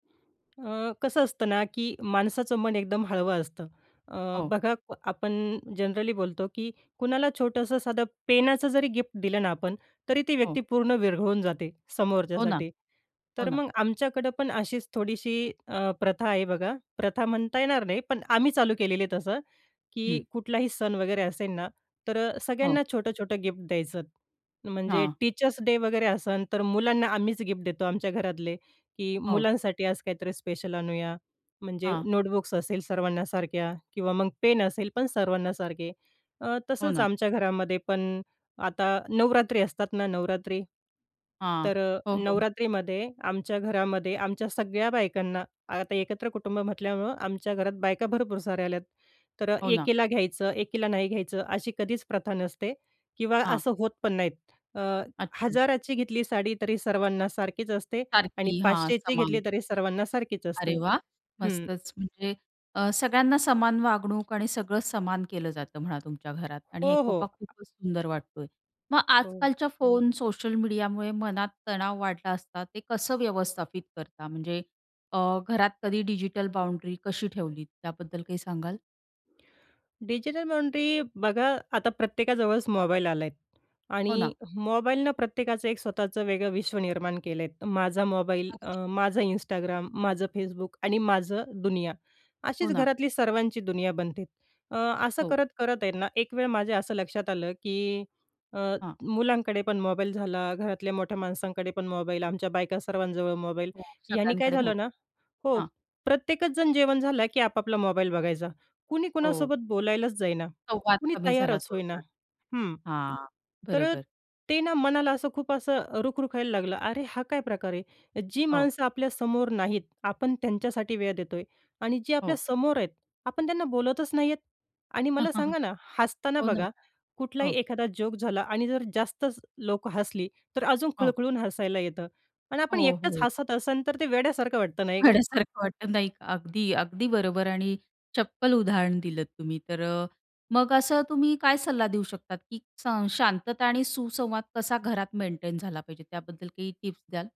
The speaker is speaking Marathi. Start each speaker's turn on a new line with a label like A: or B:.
A: अ, कसं असतं ना? की माणसाचं मन एकदम हळवं असतं, अ,
B: हो.
A: बघा आपण जनरली बोलतो, की कुणाला छोटंसं साधं पेनाच जरी गिफ्ट दिलं ना आपण, तरी ती
B: हो.
A: व्यक्ती पूर्ण विरघळून जाते,
B: हो ना.
A: समोरच्यासाठी.
B: हो
A: तर
B: ना.
A: मग आमच्याकडं पण अशीच थोडीशी अ, प्रथा आहे बघा. प्रथा म्हणता येणार नाही पण आम्ही चालू केलेली आहे तसं,
B: हं.
A: की कुठलाही सण वगैरे असेन ना, तर
B: हो.
A: सगळ्यांना छोटं-छोटं गिफ्ट द्यायचं म्हणजे
B: हां.
A: टीचर्स डे वगैरे असेन तर मुलांना आम्हीच गिफ्ट देतो, आमच्या घरातले. की
B: हो.
A: मुलांसाठी आज काहीतरी स्पेशल आणूया. म्हणजे
B: हां.
A: नोटबुक्स असेल सर्वांना सारख्या किंवा मग पेन असेल पण सर्वांना सारखे. अ,
B: हो
A: तसंच
B: ना.
A: आमच्या घरामध्ये पण आता नवरात्री असतात ना नवरात्री
B: हां.
A: तर अ,
B: हो, हो.
A: नवरात्रीमध्ये आमच्या घरामध्ये आमच्या सगळ्या बायकांना आता एकत्र कुटुंब म्हटल्यामुळं आमच्या घरात बायका भरपूर साऱ्या आल्यात. तर
B: हो ना.
A: एकीला घ्यायचं, एकीला नाही घ्यायचं अशी कधीच प्रथा नसते. किंवा
B: हां.
A: असं होत पण नाहीत. अ,
B: अच्छा.
A: 1000 ची घेतली साडी तरी सर्वांना सारखीच असते आणि
B: सारखी. हां,
A: 500 ची घेतली
B: समान.
A: तरी सर्वांना सारखीच असते.
B: अरे, वाह!
A: हं.
B: मस्तचं. म्हणजे अ, सगळ्यांना समान वागणूक आणि सगळं समान केलं जातं म्हणा तुमच्या घरात.
A: हो,
B: आणि
A: हो.
B: एकोपा खूपच सुंदर वाटतोय. मग
A: हो.
B: आजकालच्या फोन सोशल मीडियामुळे मनात तणाव वाढला असता, ते कसं व्यवस्थापित करता? म्हणजे अ, घरात कधी डिजिटल बाउंड्री कशी ठेवलीत, त्याबद्दल काही सांगाल?
A: डिजिटल बाउंड्री बघा, आता प्रत्येकाजवळच मोबाईल आलाय.
B: हो
A: आणि
B: ना.
A: मोबाईलनं प्रत्येकाचं एक स्वतःचं वेगळं विश्व निर्माण केलं आहेत. माझा मोबाईल, अ,
B: अगदीचं.
A: माझं Instagram, माझं Facebook आणि माझं दुनिया.
B: हो
A: अशीच
B: ना.
A: घरातली सर्वांची दुनिया बनते. अ, असं
B: हो.
A: करत, करत आहेत ना, एक माझ्या असं लक्षात आलं, की अ,
B: हां.
A: मुलांकडे पण मोबाईल झाला, घरातल्या मोठ्या माणसांकडे पण मोबाईल, आमच्या बायका सर्वांजवळ मोबाईल.
B: हो.
A: ह्यानी काय
B: सगळ्यांकडे
A: झालं ना
B: मोबाईल.
A: हो,
B: हां.
A: प्रत्येकच जण जेवण झालं की आपापला मोबाईल बघायचा. कुणी
B: हो.
A: कुणासोबत बोलायलाच जाईना,
B: संवाद
A: कुणी
B: कमी झाला
A: तयारच होईना.
B: थोडक्यात.
A: हं,
B: हां,
A: तर अ,
B: बरोबर.
A: ते ना मनाला असं खूप असं रुखरुखायला लागलं. अरे, हा काय प्रकार आहे? जी
B: हो.
A: माणसं आपल्या समोर नाहीत, आपण त्यांच्यासाठी वेळ देतोय. आणि जे आपल्या
B: हो.
A: समोर आहेत आपण त्यांना बोलतच नाहीयेत. आणि मला सांगा ना? हसताना
B: हो ना,
A: बघा, कुठलाही
B: हो.
A: एखादा जोक झाला आणि जर जास्तच लोकं हसली, तर अजून
B: हो.
A: खळखळून हसायला येतं. आणि आपण
B: हो,
A: एकटंच
B: हो.
A: हसत असन, तर ते वेड्यासारखं वाटतं नाही का?
B: वेड्यासारखं वाटतं नाही का, अगदी, अगदी बरोबर. आणि चप्पल उदाहरण दिलंत तुम्ही. तर अ, मग असं तुम्ही काय सल्ला देऊ शकतात? की सं शांतता आणि सुसंवाद कसा घरात मेंटेन झाला पाहिजे? त्याबद्दल काही टिप्स द्याल?